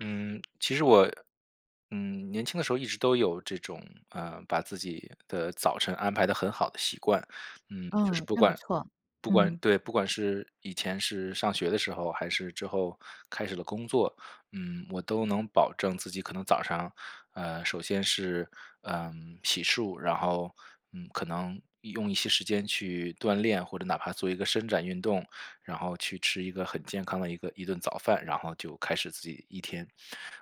嗯，其实我嗯年轻的时候一直都有这种，呃把自己的早晨安排得很好的习惯。嗯，就是哦，不那不管错，不管嗯。对，不管是以前是上学的时候还是之后开始了工作。嗯我都能保证自己可能早上，呃首先是，呃洗漱，然后，嗯可能用一些时间去锻炼，或者哪怕做一个伸展运动，然后去吃一个很健康的一个一顿早饭，然后就开始自己一天。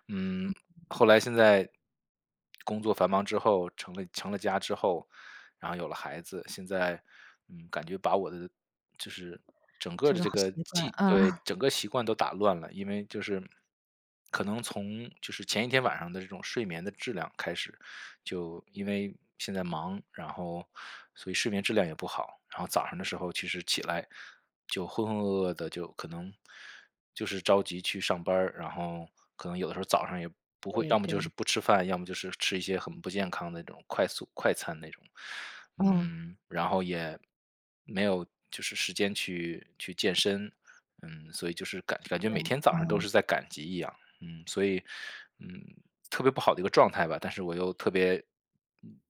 嗯后来现在，工作繁忙之后，成了成了家之后，然后有了孩子，现在，嗯感觉把我的就是整这个是的个这好个习惯，计对，啊。整个习惯都打乱了，因为就是可能从就是前一天晚上的这个睡眠的质量开始，就因为现在忙，然后，所以睡眠质量也不好，然后早上的时候其实起来就浑浑噩噩的，就可能就是着急去上班儿，然后可能有的时候早上也不会对要么就是对。不吃饭，要么就是吃一些很不健康的那种快速快餐那种，嗯。嗯，然后也没有就是时间去去健身，嗯，所以就是感感觉是，每天早上都嗯。是在赶集一样，嗯，所以嗯，特别不好的一个状态吧，但是我又特别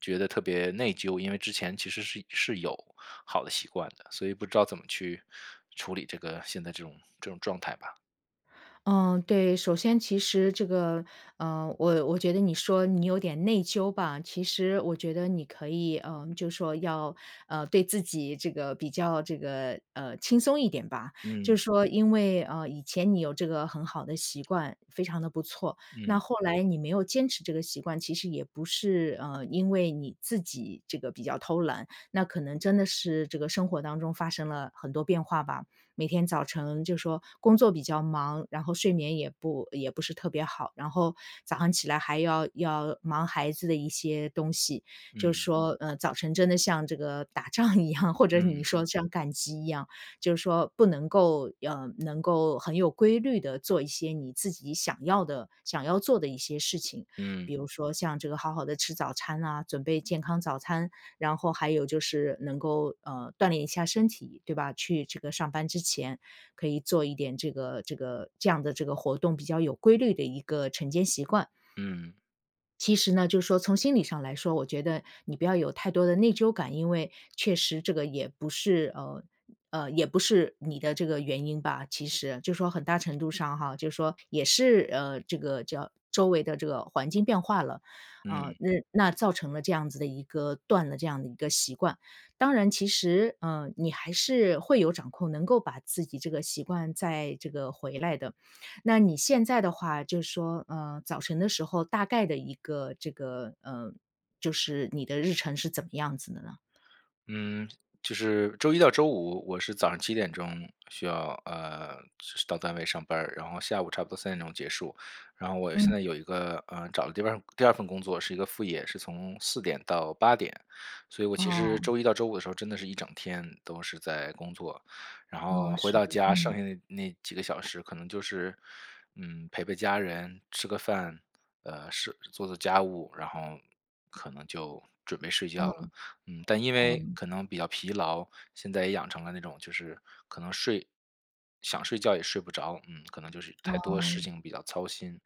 觉得特别内疚，因为之前其实是是有好的习惯的，所以不知道怎么去处理这个现在这种这种状态吧。嗯，对。首先其实这个，呃我我觉得你说你有点内疚吧，其实我觉得你可以，呃就说要，呃对自己这个比较这个，呃轻松一点吧。嗯。就说因为，呃以前你有这个很好的习惯，非常地不错，那嗯。后来你没有坚持这个习惯，其实也不是，呃因为你自己这个比较偷懒。那可能真的是这个生活当中发生了很多变化吧。每天早晨就说工作比较忙，然后睡眠也不也不是特别好。然后早上起来还要要忙孩子的一些东西，就嗯。说，呃早晨真的像这个打仗一样，或者你嗯。说像赶集一样。就是说不能够要呃能够很有规律地做一些你自己想要的想要做的一些事情。嗯。比如说像这个好好地吃早餐啊，准备健康早餐，然后还有就是能够，呃锻炼一下身体，对吧？去这个上班之前可以做一点这个这个这样的这个活动，比较有规律的一个晨间习惯。嗯。其实呢，就是说从心理上来说，我觉得你不要有太多的内疚感。因为确实这个也不是，呃呃也不是你的这个原因吧，其实就是说很大程度上哈。就是说也是，呃这个叫周围的这个环境变化了，啊，嗯。那那造成了这样子的一个断了这样的一个习惯。当然其实，呃你还是会有掌控，能够把自己这个习惯再这个回来的。那你现在的话，就说，呃早晨的时候大概的一个这个，呃就是你的日程是怎么样子的呢？嗯，就是周一到周五我是早上7点钟需要呃是到单位上班儿，然后下午差不多3点钟结束。然后我现嗯。在有一个，呃找了第2第2份工作，是一个副业，是从4点到8点。所以我其实哦。周一到周五的时候真的是一整天都是在工作，然后哦，回是到的。家剩嗯。下的那那几个小时可能就是，嗯陪陪家人、吃个饭，呃是做做家务，然后可能就准备睡嗯。觉了。嗯，但因为嗯。可能比较疲劳，现在也养成了那种就是可能睡想睡觉也睡不着，嗯，可能就是太多事哦。情比较操心，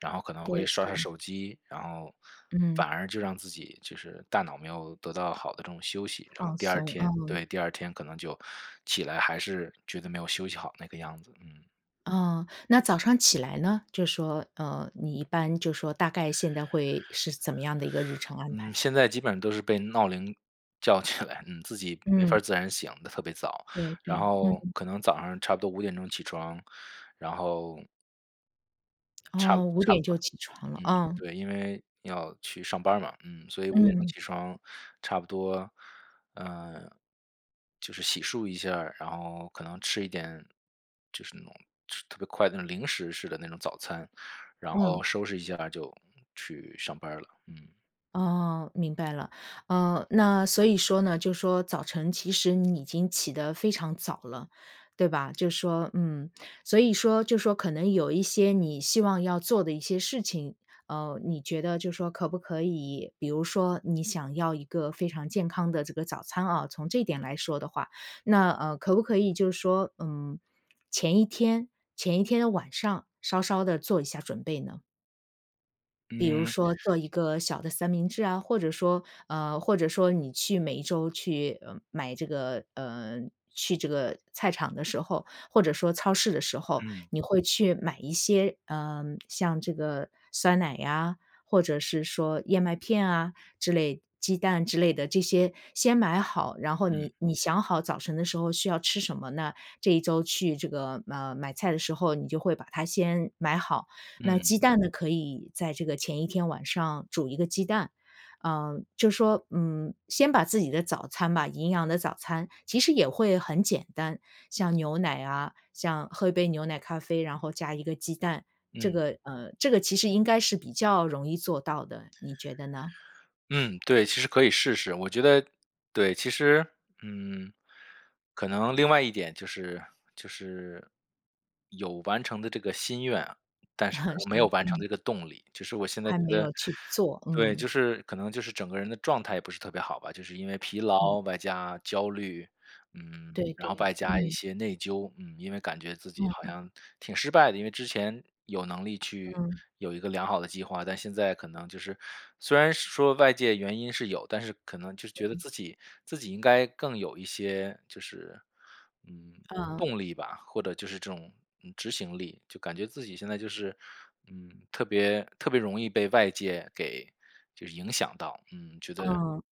然后可能会对刷刷对。手机，然后嗯。反而就让自己就是大脑没有得到好的这种休息，然后放第2松，啊。天对，第2天可能就起来还是觉得没有休息好那个样子。嗯。哦，那早上起来呢？就说，呃你一般就说大概现在会是怎么样的一个日程 安嗯，排？现在基本都是被闹铃叫起来，嗯，自己没法嗯。自然醒得特别早。对然对，后嗯。可能早上差不多5点钟起床，然后差哦，5差不点多，就嗯，起床了啊。对，因为要去上班嘛。嗯，所以5点钟嗯。起床差不多，呃就是洗漱一下，然后可能吃一点就是那种吃特别快的零食式的那种早餐，然嗯。后收拾一下就去上班了，嗯。哦，明白了，呃那所以说呢，就说早晨其实你已经起得非常早了，对吧？就说，嗯。所以说就说可能有一些你希望要做的一些事情，呃你觉得就说可不可以比如说你想要一个非常健康的这个早餐啊，从这点来说的话，那，呃可不可以就是说，嗯前一天前一天的晚上稍稍地做一下准备呢？比如嗯。说做一个小的三明治啊，或者说，呃或者说你去每1周去买这个，呃去这个菜场的时候，或者说超市的时候，嗯。你会去买一些，呃像这个酸奶呀，或者是，说燕麦片啊之类鸡蛋之类的这些先买好，然后嗯。你你想好早晨的时候需要吃什么呢？这1周去这个，呃买菜的时候，你就会把它先买好，那嗯。鸡蛋呢，可以在这个前1天晚上煮1个鸡蛋。呃就说，嗯先把自己的早餐吧营养的早餐其实也会很简单，像牛奶啊，像喝一杯牛奶咖啡，然后加1个鸡蛋，这嗯。个呃这个其实应该是比较容易做到的，你觉得呢？嗯，对，其实可以试试。我觉得对，其实，嗯可能另外一点就是就是，有完成的这个心愿，但是 没有是，完成嗯。这个动力，就是我现在还觉没得有去做，对，嗯。就是可能就是整个人的状态也不是特别好吧。就是因为疲嗯。劳，外加焦虑，嗯，对然后对，外加一嗯。些内疚，嗯，因为感觉自己好嗯。像挺失败的。因为之前有能力去嗯。有一个良好的计划，但现在可能就是虽然说外界原因是有，但是可能就是觉得嗯。自己自己应该更有一些就是，嗯，嗯。动力吧，或者就是这种，嗯执行力。就感觉自己现在就是，嗯，特别特别容易被外界给就是影响到嗯觉得嗯，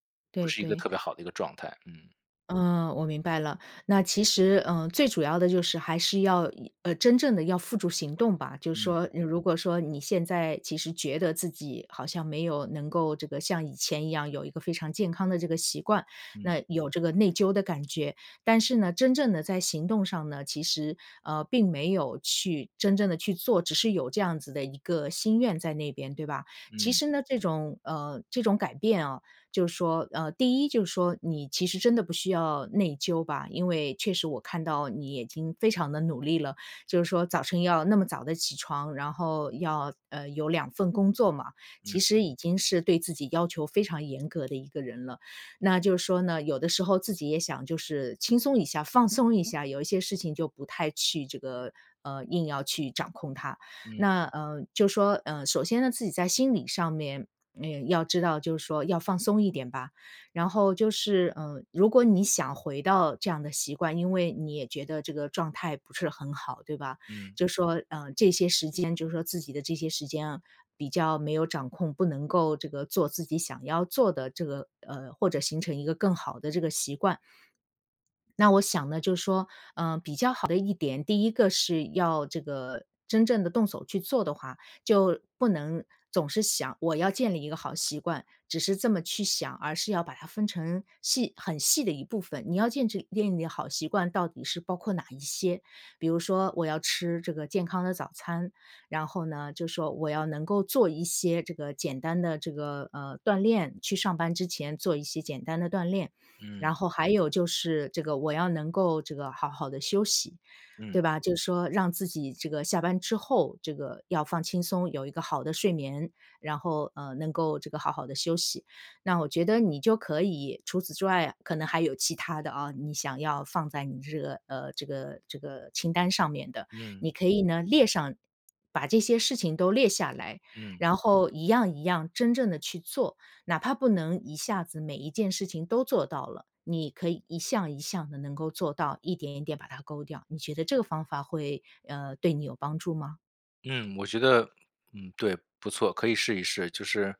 不对是一个对。特别好的一个状态，嗯。嗯，我明白了。那其实，嗯，最主要的就是还是要以呃，真正地要付诸行动吧。就是嗯。说如果说你现在其实觉得自己好像没有能够这个像以前一样有一个非常健康这个的习惯，嗯那有这个内疚的感觉，但是呢，真正地在行动上呢，其实，呃，并没有去真正地去做，只是有这样子的一个心愿在那边，对吧？其嗯。实呢，这种呃，这种改变啊，就是说呃，第一就是说，你其实真的不需要内疚吧，因为确实我看到你已经非常地努力了。就是说早晨要那么早起床，然后要，呃，有2份工作嘛，其嗯。实已经是对自己要求非常严格的一个人了。那就是说呢，有的时候自己也想就是轻松一下、放松一下，有一些事情就不太去这个，呃，硬要去掌控它。嗯。那，呃，就说，呃，首先呢，自己在心理上面，嗯，要知道就是说要放松一点吧。然后就是，嗯，如果你想回到这样的习惯，因为你也觉得这个状态不是很好，对吧？嗯。就是说，呃，这些时间就是说自己的这些时间啊，比较没有掌控，不能够这个做自己想要做的这个呃，或者形成一个更好的这个习惯。那我想呢就是说，呃，比较好的一点，第一个是要这个真正地动手去做的话，就不能总是想“我要建立一个好习惯”，只是这么去想，而是要把它分成细很细的一部分。你要建制建立好习惯到底是包括哪一些？比如说，我要吃这个健康的早餐，然后呢就是说，我要能够做一些这个简单的这个，呃，锻炼，去上班之前做一些简单的锻炼。嗯。然后还有就是这个我要能够这个好好地休息，对嗯。吧？就是说让自己这个下班之后，这个要放轻松，有一个好的睡眠，然后，呃，能够这个好好地休息。那我觉得你就可以除此之外啊，可能还有其它的啊，你想要放在你这个呃，这个这个清单上面的。嗯。你可以呢列上，把这些事情都列下来，嗯。然后一样一样真正地去做。哪怕不能一下子每一件事情都做到了，你可以一项一项地能够做到，一点一点把它勾掉。你觉得这个方法会，呃，对你有帮助吗？嗯，我觉得嗯，对，不错，可以试一试，就是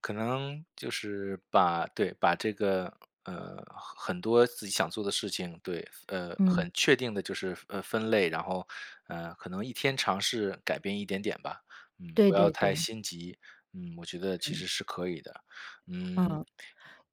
可能就是把对，把这个，呃，很很多自己想做的事情对呃，嗯。很确定地就是呃，分类。然后，呃，可能一天尝试改变一点点吧，嗯，不对要对太对。心急。嗯，我觉得其嗯。实是可以的，嗯。嗯，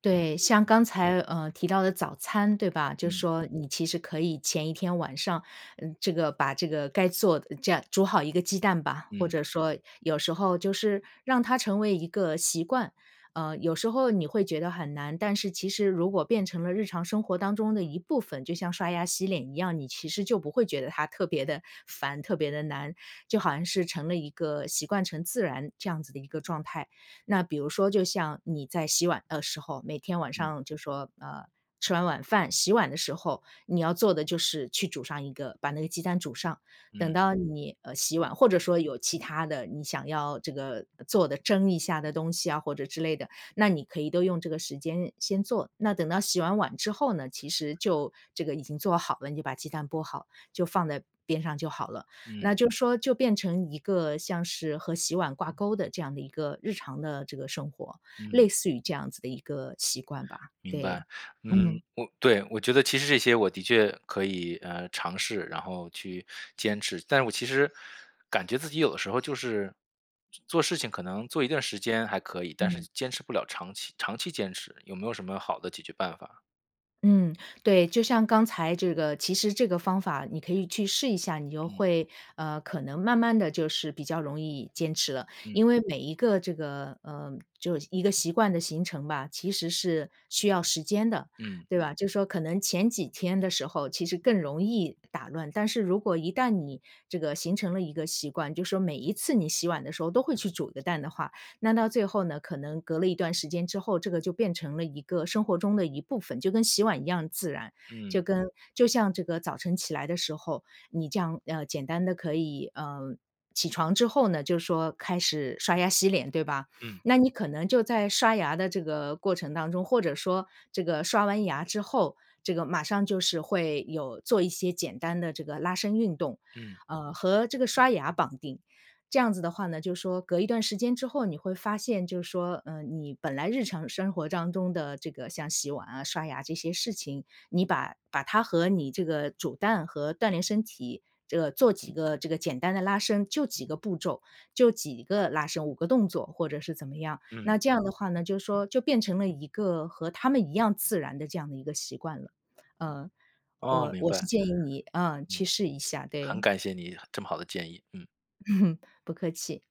对，像嗯。刚才，呃，提到的早餐，对吧？就嗯。说你其实可以前一天晚上呃，这个把这个该做的这样煮好一个鸡蛋吧，或嗯。者说有时候就是让它成为一个习惯。呃，有时候你会觉得很难，但是其实如果变成了日常生活当中的一部分，就像刷牙洗脸一样，你其实就不会觉得它特别地烦，特别地难，就好像是成了一个习惯成自然这样子的一个状态。那比如说就像你在洗碗的时候，每天晚嗯。上就说呃，吃完晚饭洗碗的时候，你要做的就是去煮上一个把那个鸡蛋煮上，等嗯。到你，呃，洗碗或者说有其他的你想要这个做的蒸一下的东西啊或者之类的，那你可以都用这个时间先做。那等到洗完碗之后呢，其实就这个已经做好了，你就把鸡蛋剥好，就放在边上就好了。那嗯。就说就变成一个像是和洗碗挂钩的这样的一个日常的这个生活，嗯。类似于这样子的一个习惯吧。明对。白。嗯，嗯。我对，我觉得其实这些我的确可以，呃，尝试，然后去坚持，但是我其实感觉自己有的时候就是，做做事情可能做一段时间还可以，但是嗯。坚持不了长期长期坚持，有没有什么好的解决办法？嗯，对，就像刚才这个其实这个方法你可以去试一下，你就嗯。会，呃可能慢慢地就是比较容易坚持了。嗯。因为每一个这个，呃就是一个习惯的形成吧，其实是需要时间的，嗯。对吧。就说可能前几天的时候其实更容易打乱，但是如果一旦你这个形成了一个习惯，就说每一次你洗碗的时候都会去煮个蛋的话，那到最后呢，可能隔了一段时间之后，这个就变成了一个生活中的一部分，就跟洗碗一样自然。就嗯。跟就像这个早晨起来的时候，你这样，呃简单地可以，呃起床之后呢就是说开始刷牙洗脸对吧？嗯。那你可能就在刷牙的这个过程当中，或者说这个刷完牙之后，这个马上就是会有做一些简单的这个拉伸运动。嗯。呃和这个刷牙绑定，这样子的话呢，就说隔一段时间之后你会发现就是说，嗯你本来日常生活当中的这个像洗碗啊，刷牙这些事情。你把把它和你这个煮蛋和锻炼身体，这个做几个这个简单的拉伸，就几个步骤，就几个拉伸、5个动作或者是怎么样。那嗯。这样的话呢，就说就变成了一个和他们一样自然的这样的一个习惯了。呃哦，我明我是白。建议你啊，去嗯，试一下，很对。感谢你这么好的建议，嗯。不客气。